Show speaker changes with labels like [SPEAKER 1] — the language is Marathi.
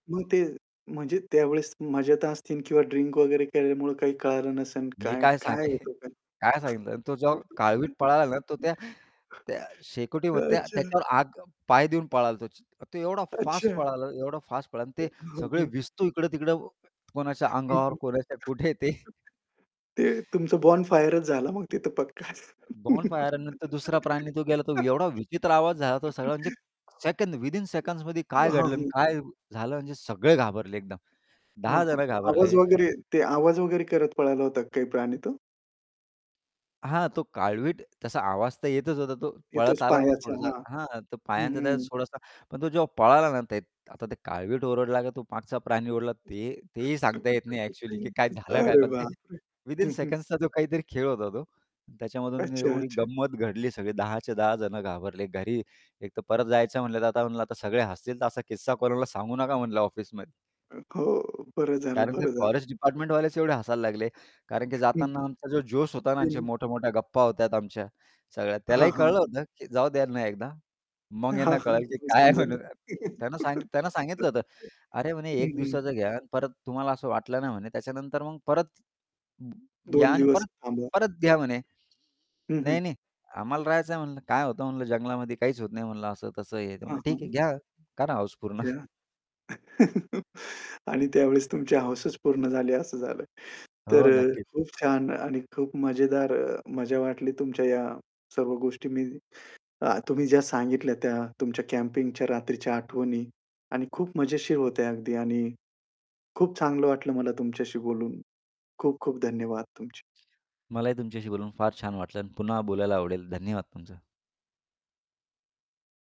[SPEAKER 1] मग ते, म्हणजे त्यावेळेस मजेत असतील, किंवा ड्रिंक वगैरे केल्यामुळे काही कळालं नसेल
[SPEAKER 2] मी
[SPEAKER 1] काय
[SPEAKER 2] काय सांगेल.
[SPEAKER 1] काय होतं काय?
[SPEAKER 2] काय सांगितलं आणि तो जेव्हा काळवीट पळाला ना, तो त्या त्या शेकोटीवर त्या
[SPEAKER 1] अच्छा.
[SPEAKER 2] त्याच्यावर आग पाय देऊन पळाला तो. च तो एवढा फास्ट
[SPEAKER 1] अच्छा.
[SPEAKER 2] पळाला एवढा फास्ट पळाला आणि ते
[SPEAKER 1] हं,
[SPEAKER 2] सगळे
[SPEAKER 1] हं.
[SPEAKER 2] वस्तू इकडे-तिकडं कोणाच्या
[SPEAKER 1] हं, हं.
[SPEAKER 2] अंगावर, कोणाच्या कुठे ते
[SPEAKER 1] ते तुमचं बॉनफायरच झाला मग तिथ पक्का.
[SPEAKER 2] बॉनफायर आणि नंतर दुसरा प्राणी तो गेला, तो एवढा विचित्र आवाज झाला तो सगळा म्हणजे सेकंड, विदिन सेकंडमध्ये काय
[SPEAKER 1] हां,
[SPEAKER 2] घडलं अन
[SPEAKER 1] हं.
[SPEAKER 2] काय झालं, म्हणजे सगळे घाबरले एकदम.
[SPEAKER 1] हं,
[SPEAKER 2] 10
[SPEAKER 1] हं.
[SPEAKER 2] जण
[SPEAKER 1] आवाज
[SPEAKER 2] घाबरले.
[SPEAKER 1] वगैरे, ते आवाज वगैरे करत पळाला होता काही प्राणी तो?
[SPEAKER 2] हां, तो काळवीट तसा आवाज तर येतच होता तो, पळत
[SPEAKER 1] येतोच
[SPEAKER 2] आला ना,
[SPEAKER 1] पायाचा,
[SPEAKER 2] थोडासा
[SPEAKER 1] हां.
[SPEAKER 2] हां, तो
[SPEAKER 1] हं,
[SPEAKER 2] पायांचा
[SPEAKER 1] हं.
[SPEAKER 2] थोडासा. पण तो जेव्हा पळाला ना ते आता ते काळवीट ओरडला का, तो मागचा प्राणी ओरडला ते तेही सांगता येत नाही ॲक्च्युअली, की काय झालं काय.
[SPEAKER 1] अरे,
[SPEAKER 2] पण ते
[SPEAKER 1] बापरे!
[SPEAKER 2] विथिन
[SPEAKER 1] हं, हं.
[SPEAKER 2] सेकंडचा जो काहीतरी खेळ होता तो, त्याच्यामधून
[SPEAKER 1] अच्छा,
[SPEAKER 2] एवढी
[SPEAKER 1] अच्छा.
[SPEAKER 2] गंमत घडली सगळी, 10 च्या, 10 जण घाबरले. घरी एकतर परत जायचं म्हटलं, तर आता म्हणलं आता सगळे हसतील, तर असा किस्सा कोणाला सांगू नका म्हणलं ऑफिसमध्ये.
[SPEAKER 1] हो. बरं झालं
[SPEAKER 2] कारण ते
[SPEAKER 1] बरं झालं.
[SPEAKER 2] फॉरेस्ट डिपार्टमेंटवालेच एवढे हसायला लागले. कारण, की
[SPEAKER 1] हं,
[SPEAKER 2] जाताना
[SPEAKER 1] हं
[SPEAKER 2] आमचा जो जोश होता ना, आमच्या
[SPEAKER 1] त्यांनी
[SPEAKER 2] मोठ्या-मोठ्या गप्पा होत्या आमच्या, सगळ्या
[SPEAKER 1] हां,
[SPEAKER 2] त्यालाही
[SPEAKER 1] हां.
[SPEAKER 2] कळलं होतं, की जाऊ द्या त्यांना एकदा. मग
[SPEAKER 1] हां,
[SPEAKER 2] यांना
[SPEAKER 1] हां.
[SPEAKER 2] कळालं, की
[SPEAKER 1] तिथ
[SPEAKER 2] काय आहे
[SPEAKER 1] समजल तो.
[SPEAKER 2] म्हणून त्यानं सांगित त्यांना सांगितलं होतं, "अरे म्हणे
[SPEAKER 1] हं,
[SPEAKER 2] 1
[SPEAKER 1] हं.
[SPEAKER 2] दिवसाचं यान, परत तुम्हाला असं वाटलं ना म्हणे, त्याच्यानंतर मग परत,
[SPEAKER 1] 2
[SPEAKER 2] यान
[SPEAKER 1] दिवस
[SPEAKER 2] परत
[SPEAKER 1] थांबा.
[SPEAKER 2] परत घ्या म्हणे."
[SPEAKER 1] हं, हं.
[SPEAKER 2] "नाही-नाही आम्हाला राहायचं आहे म्हणलं, काय होतं म्हणलं जंगलामध्ये काहीच होत नाही म्हणलं." असं-तसं हे
[SPEAKER 1] हां,
[SPEAKER 2] म्हणलं. "ठीक आहे
[SPEAKER 1] हां.
[SPEAKER 2] घ्या, करा हौस पूर्ण."
[SPEAKER 1] घ्या. आणि त्यावेळेस तुमची हौसच पूर्ण झाली असं झालं. तर
[SPEAKER 2] हो,
[SPEAKER 1] अ,
[SPEAKER 2] नक्कीच.
[SPEAKER 1] खूप छान आणि खूप मजेदार अ, मजा वाटली तुमच्या या सर्व गोष्टी मी अ, तुम्ही ज्या सांगितल्या त्या. तुमच्या कॅम्पिंगच्या रात्रीच्या आठवणी आणि खूप मजेशीर होत्या अगदी. आणि खूप चांगलं वाटलं मला तुमच्याशी बोलून. खूप खूप धन्यवाद तुमचे.
[SPEAKER 2] मलाही तुमच्याशी बोलून फार छान वाटलं आणि पुन्हा बोलायला आवडेल. धन्यवाद तुमचा.